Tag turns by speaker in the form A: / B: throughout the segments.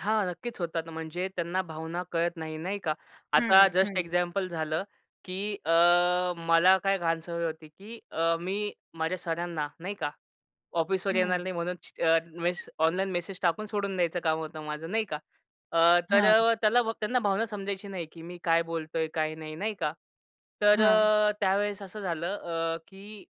A: हां, नक्कीच होतात, म्हणजे त्यांना भावना कळत नाही नाही का. आता
B: हं,
A: जस्ट
B: हं.
A: एक्झाम्पल झालं, की अ, मला काय घाण सवय होती, की अ, मी माझ्या सरांना नाही का, ऑफिसवर येणार
B: हं.
A: नाही म्हणून छ अ, मेस ऑनलाईन मेसेज टाकून सोडून द्यायचं काम होतं माझं नाही का. अ, तर
B: हां.
A: अ, त्याला त्यांना भ भावना समजायची नाही, की मी काय बोलतोय काय नाही नाही का. तर
B: हां.
A: अ, त्यावेळेस असं झालं, अ, की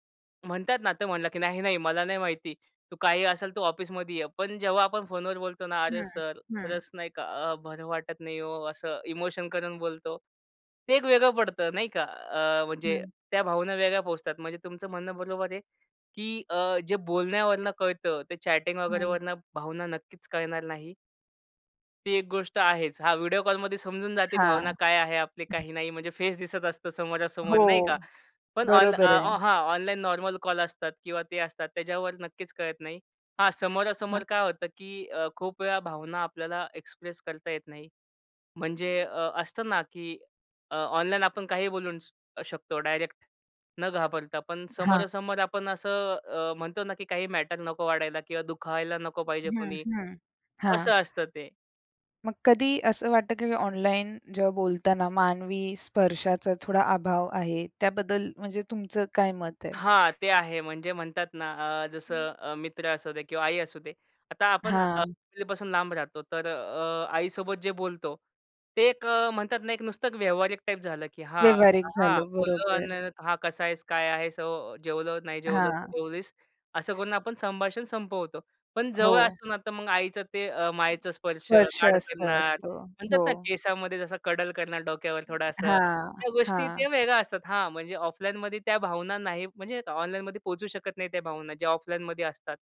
A: म्हणतात ना तर म्हणला, की "नाही-नाही, मला नाही माहिती तू काही असेल तर ऑफिसमध्ये ये." पण जेव्हा आपण फोनवर बोलतो ना, "अरे!
B: हं,
A: सर
B: हं.
A: खरंच नाही का अ, बरं वाटत नाही ओ," असं इमोशन करून बोलतो. ते एक वेगळं पडतं नाही का. अ, म्हणजे
B: हं.
A: त्या भावना वेगळ्या पोहोचतात म्हणजे तुमचं म्हणणं बरोबर आहे, की अ, जे बोलण्यावरून कळतं ते चॅटिंग वगैरे
B: हं.
A: वरनं भावना नक्कीच कळणार नाही. ती एक गोष्ट आहेच. हां, व्हिडिओ कॉलमध्ये समजून जाते भावना
B: हां.
A: काय आहे आपली काही नाही. म्हणजे फेस दिसत असतं समोरासमोर
B: हो,
A: नाही का. पण ऑन अ,
B: बरोबर आहे.
A: हां, ऑनलाईन नॉर्मल कॉल असतात किंवा ते असतात त्याच्यावर नक्कीच कळत नाही. हां
B: हां.
A: समोरासमोर काय होतं, की अ, खूप वेळा भावना आपल्याला एक्सप्रेस करता येत नाही. म्हणजे
B: हं.
A: अ, असतं ना, की अ, ऑनलाईन आपण काहीही बोलू श शकतो डायरेक्ट न घाबरता. पण
B: हां.
A: समोरासमोर आपण असं अ, म्हणतो ना, की काही मॅटर नको वाढायला किंवा दुखावायला नको पाहिजे
B: हं,
A: कोणी,
B: हं. हां.
A: असं असतं ते.
B: मग कधी असं वाटतं, की ऑनलाईन जेव्हा बोलताना मानवी स्पर्शाचा थोडा अभाव आहे. त्याबद्दल म्हणजे तुमचं काय मत आहे?
A: हां, ते आहे म्हणजे म्हणतात ना अ, जसं
B: हं.
A: अ, मित्र असू दे किंवा आई असू दे, आता आपण अ,
B: हां.
A: आई पासून लांब राहतो तर अ, आईसोबत जे बोलतो ते एक अ, म्हणतात ना एक नुसतं व्यावहारिक टाइप झालं, की हां,
B: व्यवहारिक
A: हां, हां,
B: झालं,
A: बोललो
B: बरोबर.
A: अन् हा कसा आहेस? काय आहेस? हो जेवलो नाही जेवलो तू
B: हां.
A: जेवलीस? असं करून आपण संभाषण संपवतो. पण जवळ
B: हो.
A: असतो तर मग आईचं ते अ, मायेचा स्पर्श
B: स्पर्श
A: लाड
B: असतात,
A: करणार.
B: हो,
A: म्हणतात ना
B: हो.
A: केसामध्ये जसा कडल करणार डोक्यावर थोडासा
B: हां,
A: त्या गोष्टी ते
B: हां.
A: वेगळ्या असतात. हां, म्हणजे ऑफलाईनमध्ये त्या भावना नाही म्हणजे ऑनलाईनमध्ये पोहचू शकत नाही त्या भावना ज्या ऑफलाईनमध्ये असतात.